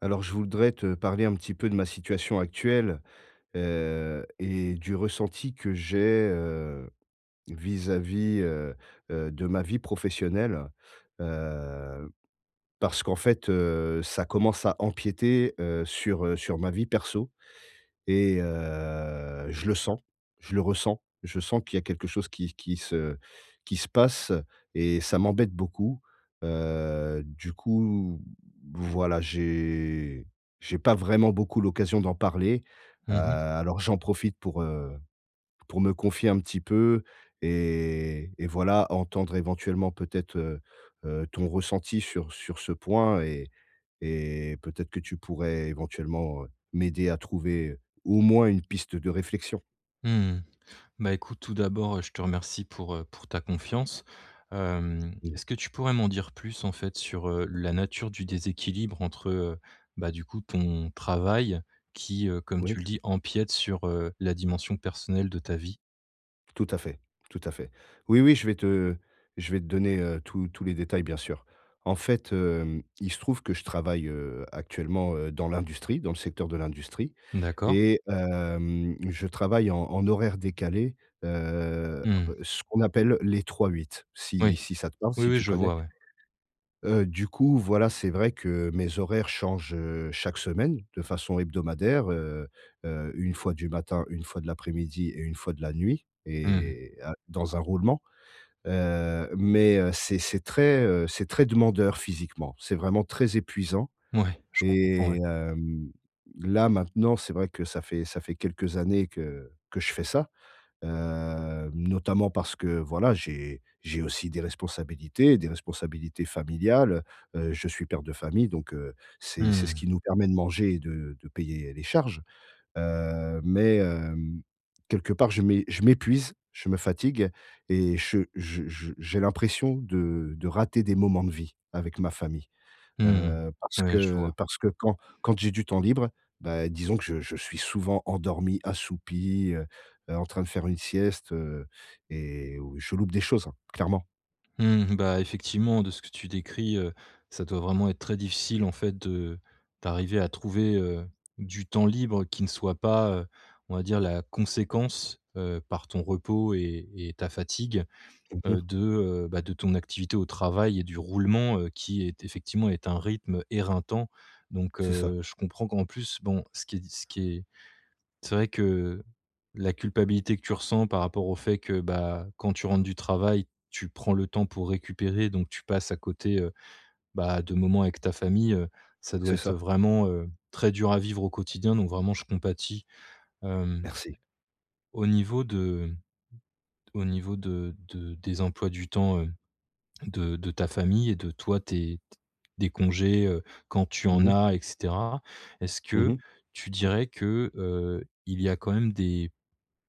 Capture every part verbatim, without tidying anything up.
Alors, je voudrais te parler un petit peu de ma situation actuelle, heu et du ressenti que j'ai, heu, vis-à-vis, heu, heu, de ma vie professionnelle. Heu, parce qu'en fait, heu, ça commence à empiéter, heu, sur, heu, sur ma vie perso et heu, je le sens, je le ressens, je sens qu'il y a quelque chose qui qui se qui se passe et ça m'embête beaucoup. Heu, du coup, voilà, j'ai j'ai pas vraiment beaucoup l'occasion d'en parler, heu, Mmh mh. alors j'en profite pour, heu, p pour me confier un petit peu et et voilà, entendre, éventuellement, peut-être, heu, heu, ton ressenti sur sur ce point et et peut-être que tu pourrais, éventuellement, heu, m'aider à trouver au moins une piste de réflexion. Mmh, bah, écoute, tout d'abord, heu, je te remercie pour, heu, pour ta confiance. Hem, Mmh. est-ce que tu pourrais m'en dire plus, en fait, sur, heu, la nature du déséquilibre entre, heu bah, du coup ton travail, qui, heu, comme Oui. tu le dis, empiète sur, heu, la dimension personnelle de ta vie? Tout à fait, tout à fait. Oui, oui, je vais te je vais te donner, heu, tous tous les détails, bien sûr. En fait, hem, il se trouve que je travaille, heu, actuellement, heu, dans l'industrie, dans le secteur de l'industrie D'accord. et hem, je travaille en en horaires décalées, heu, Mmh. ce qu'on appelle les trois-huit si Oui. si ça te parle, Oui, si oui, tu je connais? vois, ouais. Heu, du coup, voilà, c'est vrai que mes horaires changent, heu, chaque semaine de façon hebdomadaire, heu, heu, une fois du matin, une fois de l'après-midi et une fois de la nuit Mmh mh. et heu, dans un roulement, heu, mais heu, c'est c'est très, heu, c'est très demandeur, physiquement. C'est vraiment très épuisant Mouais, je comprends, et ouais. hem, là, maintenant, c'est vrai que ça fait ça fait quelques années que que je fais ça, hem, notamment parce que voilà, j'ai j'ai aussi des responsabilités des responsabilités familiales, heu, heu, je suis père de famille, donc Mmh c'est c'est ce qui mh. nous permet de manger et de de payer les charges. Heu mais hem, quelque part je m'é je m'épuise, je me fatigue et che je je j'ai l'impression de de rater des moments de vie avec ma famille, Mmh heu, mh, parce ouais, je que vois. parce que, quand quand j'ai du temps libre, bah, disons que je je suis souvent endormi, assoupi, heu, heu, en train de faire une sieste, heu, et ou je loupe des choses, hein, clairement! Mmh. Bah, effectivement, de ce que tu décris, heu, ça doit vraiment être très difficile, en fait, de d'arriver à trouver, heu, du temps libre qui ne soit pas, heu, on va dire, la conséquence, heu, par ton repos et et ta fatigue, Mmh heu, mh. de, heu, bah, de ton activité au travail et du roulement, heu, qui est effectivement est un rythme éreintant. Donc C'est ça. heu, je comprends qu'en plus, bon, ce qui est ce qui est c'est vrai que la culpabilité que tu ressens par rapport au fait que, bah, quand tu rentres du travail, tu prends le temps pour récupérer, donc tu passes à côté, heu, bah, de moments avec ta famille, heu, ça doit C'est être ça. vraiment, heu, très dur à vivre au quotidien. Donc, vraiment, je compatis. Hem, Merci. au niveau de au niveau de de des emplois du temps, heu, de de ta famille et de toi, tes, t des congés, quand tu Mmh en mh. as et cetera. Est-ce Mmh que mh. tu dirais que, heu, il y a quand même des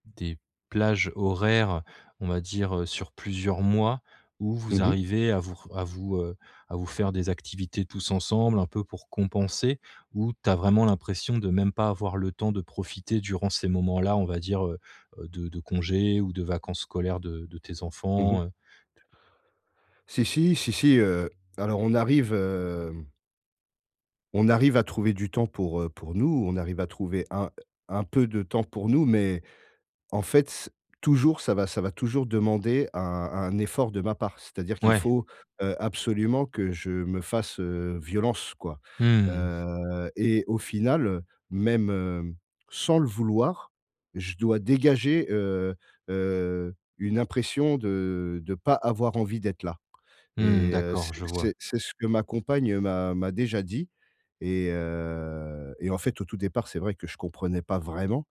des plages horaires, on va dire, heu, sur plusieurs mois, où vous Mmh mh. arrivez à vous r à vous, heu, à vous faire des activités tous ensemble, un peu pour compenser? Ou tu as vraiment l'impression de même pas avoir le temps de profiter durant ces moments-là, on va dire, heu heu, de de congés ou de vacances scolaires de de tes Mmh mh. enfants, heu? Si si, si si, heu, alors on arrive, hem on arrive à trouver du temps pour, heu, pour nous. On arrive à trouver un un peu de temps pour nous, mais, en fait, c'est toujours ça va ça va toujours demander un un effort de ma part. C'est-à-dire qu'il Ouais. faut, heu, absolument que je me fasse, heu, violence, quoi. Mmh mh. Heu et au final, heu, même, hem, sans le vouloir, je dois dégager, heu heu, une impression de de pas avoir envie d'être là. Mmh mh. Et heu, D'accord, c'est je vois. c'est c'est ce que ma compagne m'a m'a déjà dit. Et heu, et en fait, au tout départ, c'est vrai que je comprenais pas vraiment.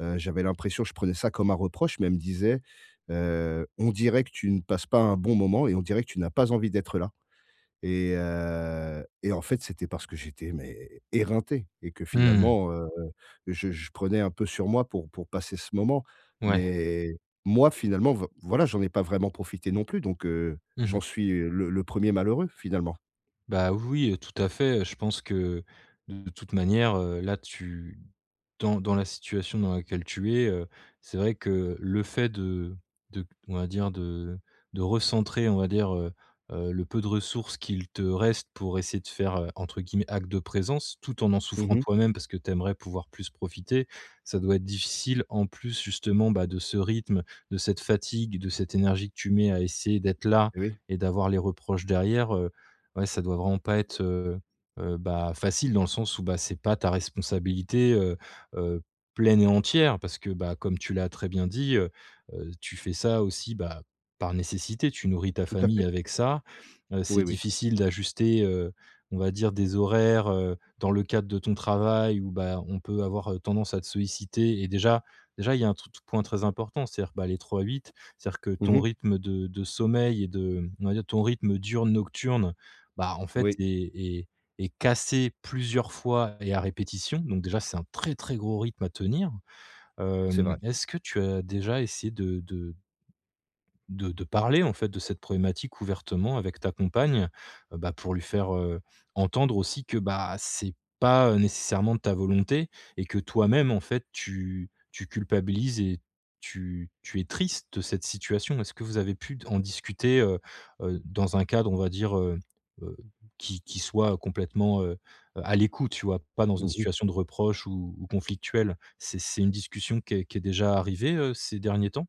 Heu, j'avais l'impression je prenais ça comme un reproche. Mais elle me disait: «Heu, on dirait que tu ne passes pas un bon moment et on dirait que tu n'as pas envie d'être là». Et heu, et en fait, c'était parce que j'étais, mais, éreinté et que, Mmh mh. finalement, heu, je je prenais un peu sur moi pour pour passer ce moment. Ouais. Mais moi, finalement, voi voilà, j'en ai pas vraiment profité non plus donc heu, Mmh j'en mh. suis le le premier malheureux, finalement. Bah, oui oui, tout à fait. Je pense que, de toute manière, heu, là, tu dans dans la situation dans laquelle tu es, heu, c'est vrai que le fait de de on va dire, de de recentrer, on va dire, heu heu, le peu de ressources qu'il te reste pour essayer de faire, heu, entre guillemets, «acte de présence» tout en en Mmh souffrant mh. toi-même parce que tu aimerais pouvoir plus profiter, ça doit être difficile. En plus, justement, bah, de ce rythme, de cette fatigue, de cette énergie que tu mets à essayer d'être là Et oui. et d'avoir les reproches derrière, heu. Ouais, ça doit vraiment pas être, heu heu, bah, facile, dans le sens où, bah, c'est pas ta responsabilité, heu heu, pleine et entière parce que, bah, comme tu l'as très bien dit, heu heu, tu fais ça aussi, bah, par nécessité. Tu nourris ta Tout à famille fait. avec ça. Heu, c'est Oui, oui. difficile d'ajuster, heu, on va dire des horaires, heu, dans le cadre de ton travail, où, bah, on peut avoir tendance à te solliciter et déjà déjà il y a un [unintelligible] point très important, c'est-à-dire, bah, les trois-huit. C'est-à-dire que Mmh ton mh. rythme de de sommeil et de, on va dire, ton rythme diurne-nocturne, bah, en fait, Oui. est est est cassé plusieurs fois et à répétition. Donc, déjà c'est un très, très gros rythme à tenir. C'est Hem, vrai. est-ce que tu as déjà essayé de de de de parler, en fait, de cette problématique ouvertement avec ta compagne? Bah, pour lui faire, heu, entendre aussi que, bah, c'est pas, heu, nécessairement de ta volonté et que toi-même, en fait, tu tu culpabilises et tu tu es triste de cette situation. Est-ce que vous avez pu d en discuter, heu heu, dans un cadre, on va dire, heu heu, qui qui soit complètement, heu heu, à l'écoute, tu vois? Pas dans une Mmh mh. situation de reproche ou ou conflictuelle. C'est c'est une discussion qui est qui est déjà arrivée, heu, ces derniers temps?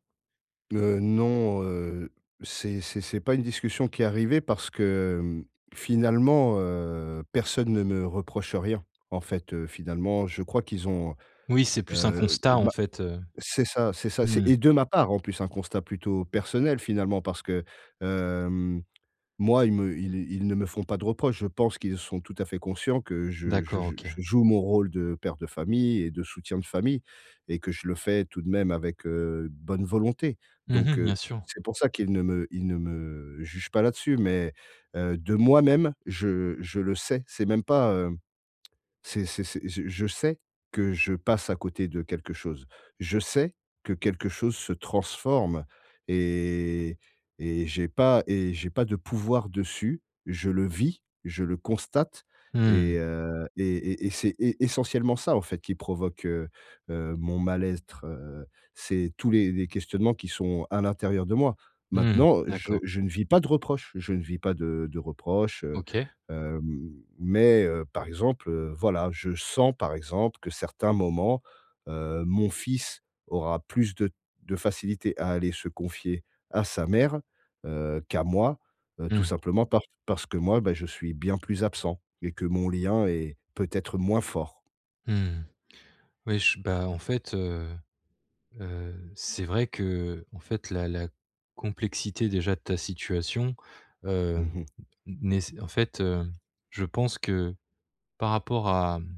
Heu, non, heu, c'est c'est c'est pas une discussion qui est arrivée parce que, mmh, finalement, heu, personne ne me reproche rien. En fait, heu, finalement, je crois qu'ils ont, Oui, c'est plus un heu, constat, en bah, fait, heu, c'est ça c'est ça, mmh c'est mh. et de ma part, en plus, un constat plutôt personnel, finalement. Parce que, hem, moi, ils me ils ils ne me font pas de reproches. Je pense qu'ils sont tout à fait conscients que je je D'accord, je OK. je joue mon rôle de père de famille et de soutien de famille et que je le fais tout de même avec, heu, bonne volonté. Mmh mh. Donc Bien heu, sûr. c'est pour ça qu'ils ne me ils ne me jugent pas là-dessus. Mais, heu, de moi-même, je je le sais. C'est même pas, heu c'est c'est c'est je je sais que je passe à côté de quelque chose. Je sais que quelque chose se transforme et et et j'ai pas et j'ai pas de pouvoir dessus. Je le vis. Je le constate Mmh mh. et heu, et et et c'est et c'est essentiellement ça, en fait, qui provoque, heu heu, mon mal-être, heu. C'est tous les les questionnements qui sont à l'intérieur de moi. Mmh mh. Maintenant, je D'accord. je ne vis pas de reproches, je ne vis pas de de reproches, heu, OK. hem, mais, heu, par exemple, heu, voilà, je sens, par exemple, que certains moments, heu, mon fils aura plus de de facilité à aller se confier à sa mère, heu, qu'à moi, heu, tout Mmh. simplement par parce que moi, bah, je suis bien plus absent et que mon lien est peut-être moins fort. Mmh. Oui, j bah, en fait, heu heu, c'est vrai que, heu, en fait, la la complexité, déjà, de ta situation, heu, Mmh mh. nés en fait, heu, je pense que, par rapport à, mmh,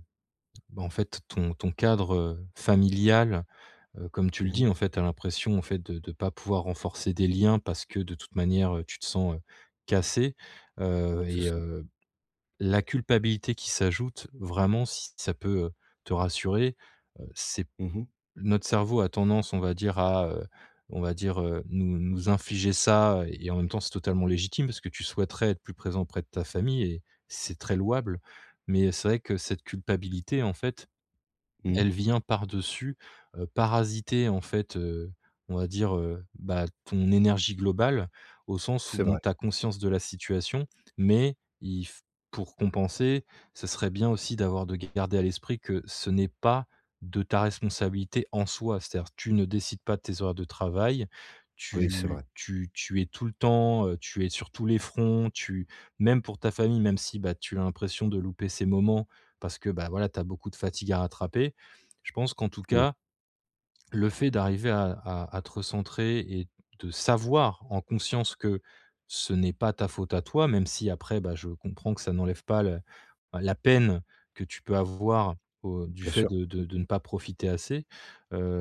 bah, en fait, ton ton cadre familial, heu, comme tu le Mmh dis, mh. en fait, tu as l'impression, en fait, de de pas pouvoir renforcer des liens, parce que, de toute manière, heu, tu te sens, heu, cassé, heu, C'est et ça. heu, la culpabilité qui s'ajoute, vraiment, si ça peut, heu, te rassurer, heu, c'est Mmh mh. notre cerveau a tendance, on va dire à, heu, on va dire, heu, nous nous infliger ça et en même temps c'est totalement légitime, parce que tu souhaiterais être plus présent auprès de ta famille et c'est très louable, mais c'est vrai que cette culpabilité, en fait, Mmh. elle vient par-dessus, heu, parasiter, en fait, heu, on va dire, heu, bah, ton énergie globale, au sens où, C'est bon, vrai. tu as conscience de la situation, mais il f pour compenser, ce serait bien aussi d'avoir de garder à l'esprit que ce n'est pas de ta responsabilité, en soi. C'est-à-dire tu ne décides pas de tes horaires de travail, Oui, c'est tu vrai. tu tu es tout le temps, heu, tu es sur tous les fronts, tu même pour ta famille, même si, beh, tu as l'impression de louper ces moments, parce que, bah, voilà, tu as beaucoup de fatigue à rattraper, je pense qu'en tout Oui. cas, le fait d'arriver à à à te recentrer et de savoir, en conscience, que ce n'est pas ta faute à toi, même si après, bah, je comprends que ça n'enlève pas le, heu, la peine que tu peux avoir au du Bien fait sûr. de de de ne pas profiter assez.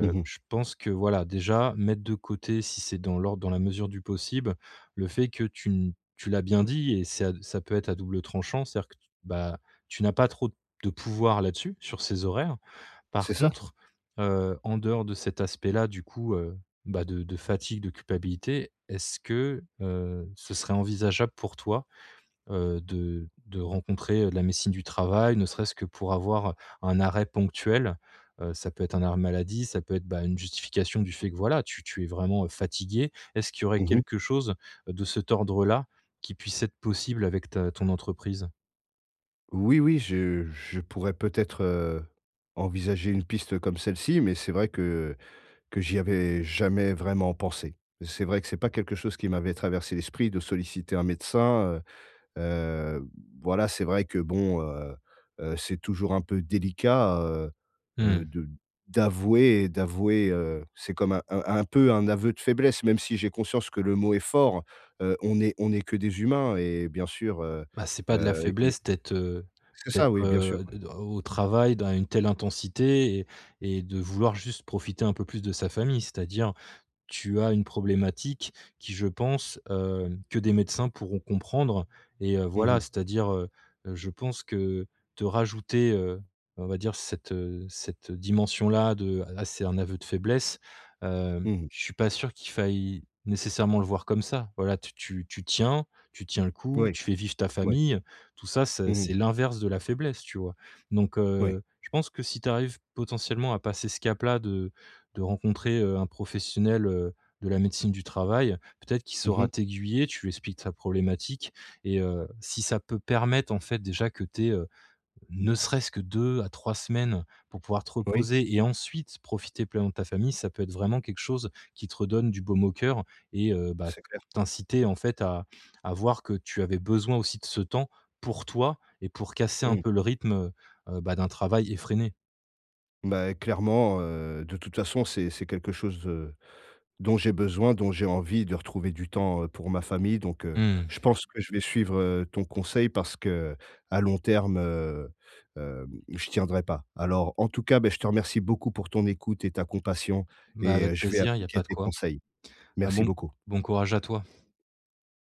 Mmh mh. je pense que, voilà, déjà mettre de côté, si c'est dans l'ordre dans la mesure du possible, le fait que tu n tu l'as bien dit, et ça ça peut être à double tranchant, c'est-à-dire que tu, bah, tu n'as pas trop de pouvoir là-dessus, sur ces horaires. Par C'est ça! contre, heu, en dehors de cet aspect-là, du coup, heu, bah, de de fatigue, de culpabilité, est-ce que, heu, ce serait envisageable, pour toi, heu, de de rencontrer, heu, la médecine du travail, ne serait-ce que pour avoir un arrêt ponctuel, heu, ça peut être un arrêt maladie, ça peut être, bah, une justification du fait que voilà, tu tu es vraiment, heu, fatigué? Est-ce qu'il y aurait Mmh mh. quelque chose de cet ordre-là qui puisse être possible avec ta ton entreprise? Oui, oui, je je pourrais peut-être, heu, envisager une piste comme celle-ci, mais c'est vrai que que j'y avais jamais vraiment pensé. C'est vrai que c'est pas quelque chose qui m'avait traversé l'esprit, de solliciter un médecin, heu heu, voilà. C'est vrai que bon, heu heu, c'est toujours un peu délicat, heu heu, Mmh. de d'avouer, et d'avouer, heu, c'est comme un un un peu un aveu de faiblesse, même si j'ai conscience que le mot est fort. Heu, on est on est que des humains, et bien sûr, heu Bah, c'est pas de la heu, il y a faiblesse d'être, heu, c'est ça, d'être, oui, bien sûr, heu, ouais. d au au travail dans une telle intensité et et de vouloir juste profiter un peu plus de sa famille. C'est-à-dire tu as une problématique qui, je pense, heu, que des médecins pourront comprendre et heu, Mmh voilà mh. c'est-à-dire, heu heu, je pense que te rajouter, heu, on va dire, cette, heu, cette dimension-là de: «Ah, c'est un aveu de faiblesse», hem, Mmh mh. je suis pas sûr qu'il faille nécessairement le voir comme ça. Voilà, tu tu tu tiens tu tiens le coup, Oui. tu fais vivre ta Ouais. famille, tout ça, c'est Mmh c'est mh. l'inverse de la faiblesse, tu vois? Donc Ouais. heu, je pense que si tu arrives potentiellement à passer ce cap-là, de de rencontrer, heu, un professionnel, heu, de la médecine du travail, peut-être qu'il Mmh saura mh. t'aiguiller. Tu lui expliques ta problématique et heu, si ça peut permettre, en fait, déjà que tu aies, heu, ne serait-ce que deux à trois semaines pour pouvoir te Oui. reposer et ensuite profiter pleinement de ta famille, ça peut être vraiment quelque chose qui te redonne du baume au cœur et heu, bah, C'est clair. t'inciter, en fait, à à voir que tu avais besoin aussi de ce temps, pour toi et pour casser un Mmh. peu le rythme, heu heu, bah, d'un travail effréné. Beh, clairement, heu, de toute façon, c'est c'est quelque chose, heu, dont j'ai besoin, dont j'ai envie, de retrouver du temps, heu, pour ma famille, donc heu, je Mmh. pense que je vais suivre, heu, ton conseil parce qu'à long terme, heu, hem, je tiendrai pas. Alors, en tout cas, beh, je te remercie beaucoup pour ton écoute et ta compassion Bah, et heu, avec je vais plaisir, il y a appliquer pas de tes quoi. conseils. Ben, Merci bon beaucoup! bon courage à toi.